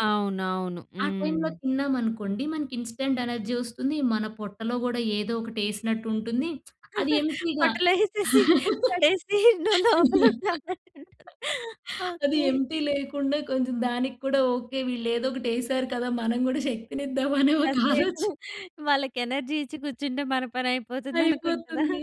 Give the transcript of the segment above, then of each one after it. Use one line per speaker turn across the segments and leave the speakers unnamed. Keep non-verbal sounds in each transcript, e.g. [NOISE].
అవునవును.
ఆ టైమ్‌లో
హ్మ్.
తిన్నామనుకోండి మనకి ఇన్‌స్టాంట్ ఎనర్జీ వస్తుంది. మన పొట్టలో గూడా ఏదోకటి యేసినట్టు ఉంటుంది. [SMACKS LIPS] అది ఎంప్టీ‌గా
పొట్టలో యేసేసి, పడేసి నువ్వు లోపల ఉండు
[LAUGHS]
అంటారా!
అది
ఓకె.
ఎంప్టీ లేకుండా కొంచెం దానికి కూడా ఓకే. వీళ్ళేదోకటేసారు కదా! మనం కూడా శక్తినిద్దాం అనే ఒక
కాసేపు
ఆలోచ
[GIGGLES] వాళ్ళకి ఎనర్జీ ఇచ్చి కూర్చుంటే మన పని అయిపోతుంది అనుకుంటదా.
అయిపోతుంది.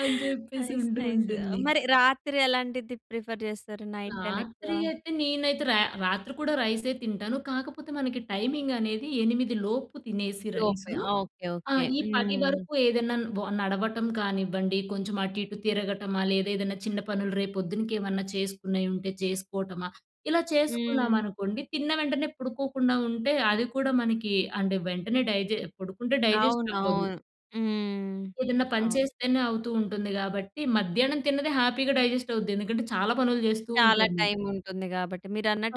అని జెప్పేసి
నైస్!
ఉంటూ
నైస్!
ఉంటుంది.
మరి రాత్రి ఎలాంటిది ప్రిఫర్ జేస్తారు నైట్ టైమ్ ఎక్కువ?
రాత్రి అయితే నేనైతే రా రాత్రి కూడా రైసే తింటాను. కాకపోతే మనకి టైమింగ్ అనేది 8 లోపు తినేసి రైస్.
లోపే. ఓకే.
ఆ!
ఓకే.
ఈ పది
హ్మ్.
వరకు ఏదైనా వ నడవటం కానివ్వండి. కొంచెం అటు ఇటు తిరగటమా లేదా ఏదైనా చిన్న పనులు రేపు పొద్దునకేమన్నా చేసుకునేయి ఉంటే చేసుకోవటమా. ఇలా
హ్మ్.
చేసుకున్నామనుకోండి, తిన్న వెంటనే పడుకోకుండా ఉంటే అది కూడా మనకి అంటే వెంటనే డైజె పడుకుంటే డైజెస్ట్ అవ్వదు.
అవునవును. హ్మ్.
ఏదన్నా పని
అవును.
చేస్తేనే అవుతూ ఉంటుంది గాబట్టి మధ్యాహ్నం తిన్నది హ్యాపీ‌గా డైజెస్ట్ అవుద్ది. ఎందుకంటే చాలా పనులు జేస్తూ
చాలా
ఉంటాము.
టైమ్ ఉంటుంది గాబట్టి.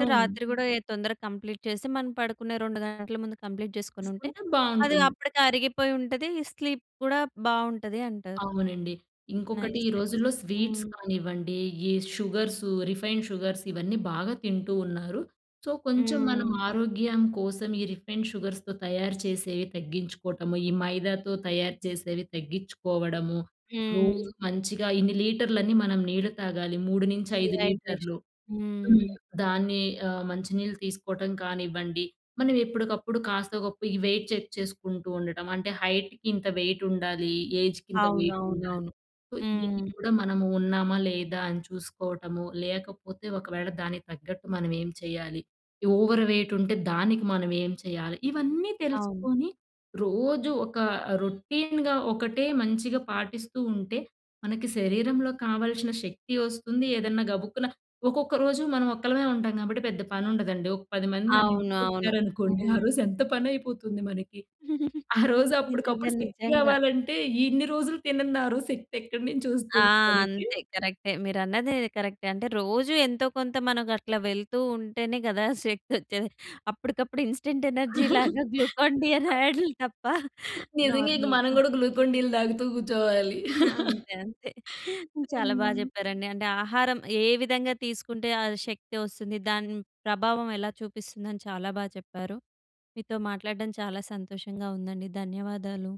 ఆ!
రాత్రి గూడా ఎ తొందరగా కంప్లీట్ చేసి మనం పడుకునే 2 గంటల ముందు కంప్లీట్ చేసుకొని ఉంటే
చేసుకుంటే
అది
బావుంటుంది.
అప్పడికి అరిగిపోయి ఉంటది. స్లీప్ గూడా బావుంటది అంటారు.
అవునండి. ఇంకొకటి
నైస్.
ఈ
నైస్.
రోజుల్లో స్వీట్స్
హ్మ్.
కానివ్వండి, ఈ షుగర్స్, రిఫైన్డ్ షుగర్స్ ఇవన్నీ బాగా తింటూ ఉన్నారు. సో, కొంచెం మనం
హ్మ్.
ఆరోగ్యం కోసం ఈ రిఫైన్డ్ షుగర్స్‌తో తయారు చేసేవి తగ్గించుకోవటము. ఈ మైదాతో తయారు చేసేవి తగ్గిచ్చుకోవడము.
హ్మ్.
రోజు మంచిగా ఇన్ని లీటర్లనీ మనం నీళ్లు తాగాలి. 3 నుంచి 5
డీహైడ్రేషన్.
లీటర్లు. హ్మ్.
హ్మ్.
దాన్ని ఆహ్, మంచి నీళ్ళు తీసుకోవటం కానివ్వండి, మనం ఎప్పడికప్పుడు కాస్తో గొప్పో ఈ వెయిట్ చెక్ చేసుకుంటూ ఉండటం అంటే హైట్‌కి ఇంత వెయిట్ ఉండాలి. ఏజ్‌కి ఇంత వెయిట్ ఉండాలి.
అవునవునవును.
సో దీన్ని
హ్మ్.
కూడా మనము ఉన్నామా? లేదా? అని చూసుకోవటము లేకపోతే ఒకవేళ దానికి తగ్గట్టు మనం ఏం చేయాలి? ఓవర్ వెయిట్ ఉంటే దానికి మనం ఏం చేయాలి? ఇవన్నీ
అవును.
తెలుసుకొని రోజు ఒక రొటీన్‌గా ఒకటే మంచిగా పాటిస్తూ ఉంటే మనకి శరీరంలో కావాల్సిన శక్తి వస్తుంది. ఏదన్నా గబుక్కున ఒక్కొక్క రోజు మనం ఒక్కళమే ఉంటాం కాబట్టి పెద్ద పని ఉండదండి. ఒక 10 మంది మన
అవును. అవును.
ఇంటికొచ్చారనుకోండి. ఆ
హ్మ్.
రోజు ఎంత పని అయిపోతుంది మనకి.
[GIGGLES]
ఆ రోజు
నిజంగా.
అప్పడికప్పుడు శక్తి
నిజంగా.
గావాలంటే ఇన్ని రోజులు తినన్నారు శక్తి ఎక్కడి నుంచి
ఆ!
వస్తుంది మనకి!
అంతే కరక్టే. మీరన్నది కరక్టే. అంటే రోజు ఎంతో కొంత మనకట్లా వెళ్తూ ఉంటేనే గదా! శక్తొచ్చేది. అప్పటికప్పుడు ఇన్‌స్టాంట్ ఎనర్జీ‌లాగా గ్లూకాన్ డి అనే
[CHUCKLES]
యాడులు తప్ప
నిజంగా ఇంక మనం
నార్మల్‌గా.
గూడా గ్లూకోన్ డీలు తాగుతూ కూర్చోవాలి.
[GIGGLES] ఆ!
[CHUCKLES]
అంతే అంతే. చాలా బా
హ్మ్.
చెప్పారండి అంటే ఆహారం ఏ విధంగా తీసుకుంటే ఆ శక్తి వస్తుంది? దాని ప్రభావం ఎలా చూపిస్తుందని చాలా బా చెప్పారు. మీతో మాట్లాడడం చాలా సంతోషంగా ఉందండి. ధన్యవాదాలు.